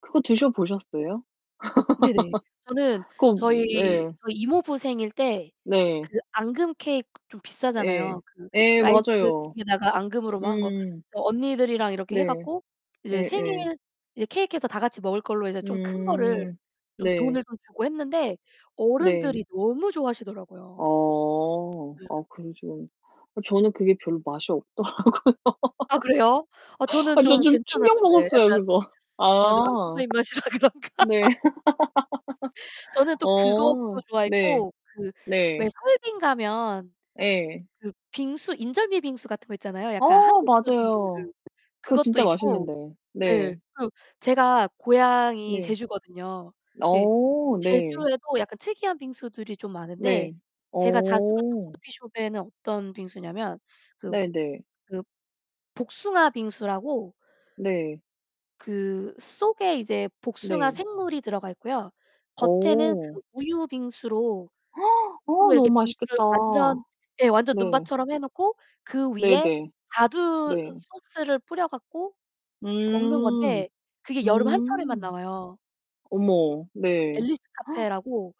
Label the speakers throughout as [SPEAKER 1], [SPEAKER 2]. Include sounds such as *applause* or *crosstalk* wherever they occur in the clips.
[SPEAKER 1] 그거 드셔 보셨어요?
[SPEAKER 2] 네네. 저는
[SPEAKER 1] *laughs* 그럼
[SPEAKER 2] 저희
[SPEAKER 1] 예.
[SPEAKER 2] 저희 이모부 생일 때
[SPEAKER 1] 네.
[SPEAKER 2] 그 앙금 케이크 좀
[SPEAKER 1] 예.
[SPEAKER 2] 비싸잖아요. 그
[SPEAKER 1] 예
[SPEAKER 2] 라이스
[SPEAKER 1] 맞아요.
[SPEAKER 2] 케이크에다가 앙금으로 뭐 한 거
[SPEAKER 1] 음.
[SPEAKER 2] 그래서 언니들이랑 이렇게 해
[SPEAKER 1] 네.
[SPEAKER 2] 갖고 이제
[SPEAKER 1] 예예.
[SPEAKER 2] 생일 이제 케이크해서 다 같이 먹을 걸로 이제 좀 큰 거를
[SPEAKER 1] 음.
[SPEAKER 2] 좀
[SPEAKER 1] 네.
[SPEAKER 2] 돈을 더 주고 했는데
[SPEAKER 1] 네.
[SPEAKER 2] 어른들이 너무 좋아하시더라고요.
[SPEAKER 1] 어.
[SPEAKER 2] 예.
[SPEAKER 1] 아 그러시구나. 저는 그게 별로 맛이 없더라고요.
[SPEAKER 2] 아 그래요? 어
[SPEAKER 1] *laughs*
[SPEAKER 2] 저는
[SPEAKER 1] 아 저
[SPEAKER 2] 좀
[SPEAKER 1] 좀 충격
[SPEAKER 2] 괜찮았는데
[SPEAKER 1] 먹었어요,
[SPEAKER 2] 약간
[SPEAKER 1] 그거.
[SPEAKER 2] 아 저 아줌마
[SPEAKER 1] 아.
[SPEAKER 2] 입맛이라 그런가?
[SPEAKER 1] 네.
[SPEAKER 2] 저는
[SPEAKER 1] *laughs*
[SPEAKER 2] 또 그것도
[SPEAKER 1] 어. 네.
[SPEAKER 2] 좋아했고 그
[SPEAKER 1] 네.
[SPEAKER 2] 왜 설빙 가면
[SPEAKER 1] 예.
[SPEAKER 2] 그 빙수 인절미 빙수 같은 거 있잖아요. 약간
[SPEAKER 1] 어
[SPEAKER 2] 한국적인
[SPEAKER 1] 맞아요.
[SPEAKER 2] 빙수
[SPEAKER 1] 그거
[SPEAKER 2] 그것도
[SPEAKER 1] 진짜
[SPEAKER 2] 있고
[SPEAKER 1] 맛있는데
[SPEAKER 2] 예.
[SPEAKER 1] 네.
[SPEAKER 2] 그리고 제가 고향이
[SPEAKER 1] 네.
[SPEAKER 2] 제주거든요. 네.
[SPEAKER 1] 어 네.
[SPEAKER 2] 제주에도 약간 특이한 빙수들이 좀 많은데
[SPEAKER 1] 네.
[SPEAKER 2] 제가 자주 갔던
[SPEAKER 1] 어.
[SPEAKER 2] 커피숍에는 어떤 빙수냐면 그
[SPEAKER 1] 네네.
[SPEAKER 2] 그 복숭아 빙수라고
[SPEAKER 1] 네.
[SPEAKER 2] 그 속에 이제 복숭아
[SPEAKER 1] 네.
[SPEAKER 2] 생물이 들어가 있고요. 겉에는
[SPEAKER 1] 어.
[SPEAKER 2] 그 우유 빙수로
[SPEAKER 1] *gasps*
[SPEAKER 2] *unintelligible*
[SPEAKER 1] 어 너무
[SPEAKER 2] 이렇게 빙수를
[SPEAKER 1] 맛있겠다.
[SPEAKER 2] 완전 네. 완전
[SPEAKER 1] 네.
[SPEAKER 2] 눈밭처럼 해 놓고 그 위에
[SPEAKER 1] 네네.
[SPEAKER 2] 자두
[SPEAKER 1] 네.
[SPEAKER 2] 소스를 뿌려 갖고 먹는
[SPEAKER 1] 음.
[SPEAKER 2] 건데 그게 여름 한철에만
[SPEAKER 1] 음.
[SPEAKER 2] 나와요.
[SPEAKER 1] 어머. 네.
[SPEAKER 2] 앨리스 카페라고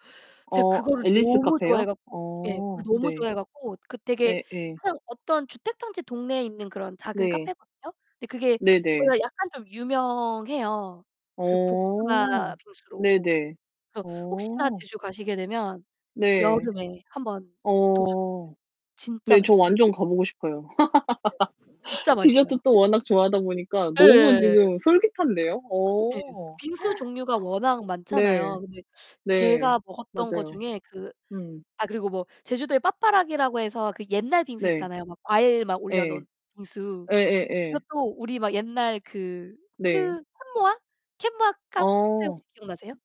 [SPEAKER 1] *gasps*
[SPEAKER 2] 제가
[SPEAKER 1] 어
[SPEAKER 2] 그거를
[SPEAKER 1] 앨리스
[SPEAKER 2] 너무 좋아해
[SPEAKER 1] 카페요?
[SPEAKER 2] 갖고 예. 그걸
[SPEAKER 1] 어
[SPEAKER 2] 너무
[SPEAKER 1] 네.
[SPEAKER 2] 좋아해 갖고 그 되게
[SPEAKER 1] 예예.
[SPEAKER 2] 한 어떤 주택 단지 동네에 있는 그런 작은
[SPEAKER 1] 네.
[SPEAKER 2] 카페거든요. 근데 그게
[SPEAKER 1] 네네.
[SPEAKER 2] 거기가 약간 좀 유명해요, 그
[SPEAKER 1] 어.
[SPEAKER 2] 복숭아 빙수로.
[SPEAKER 1] 네네.
[SPEAKER 2] 그래서 혹시나
[SPEAKER 1] 어.
[SPEAKER 2] 제주 가시게 되면
[SPEAKER 1] 네.
[SPEAKER 2] 여름에 1 번 도전해 보세요.
[SPEAKER 1] 어.
[SPEAKER 2] 진짜
[SPEAKER 1] 네 저
[SPEAKER 2] 맛있어요.
[SPEAKER 1] 완전 가 보고 싶어요.
[SPEAKER 2] 네.
[SPEAKER 1] *laughs*
[SPEAKER 2] 진짜 맛있어요.
[SPEAKER 1] 디저트도 워낙 좋아하다 보니까 너무
[SPEAKER 2] 예예예예.
[SPEAKER 1] 지금 솔깃한데요.
[SPEAKER 2] 예.
[SPEAKER 1] 어.
[SPEAKER 2] 빙수
[SPEAKER 1] *gasps*
[SPEAKER 2] 종류가 워낙
[SPEAKER 1] 네.
[SPEAKER 2] 많잖아요. 근데
[SPEAKER 1] 네.
[SPEAKER 2] 제가 먹었던 거
[SPEAKER 1] 맞아요.
[SPEAKER 2] 중에 그
[SPEAKER 1] 음.
[SPEAKER 2] 아 그리고 뭐 제주도에 빠빠라기라고 해서 그 옛날 빙수
[SPEAKER 1] 네.
[SPEAKER 2] 있잖아요. 막 과일 막 올려
[SPEAKER 1] 예.
[SPEAKER 2] 놓은 빙수.
[SPEAKER 1] 예예예.
[SPEAKER 2] 그것도 우리 막 옛날 그
[SPEAKER 1] 네.
[SPEAKER 2] 그 캔모아? 캔모아 카페
[SPEAKER 1] 어.
[SPEAKER 2] 혹시 기억나세요?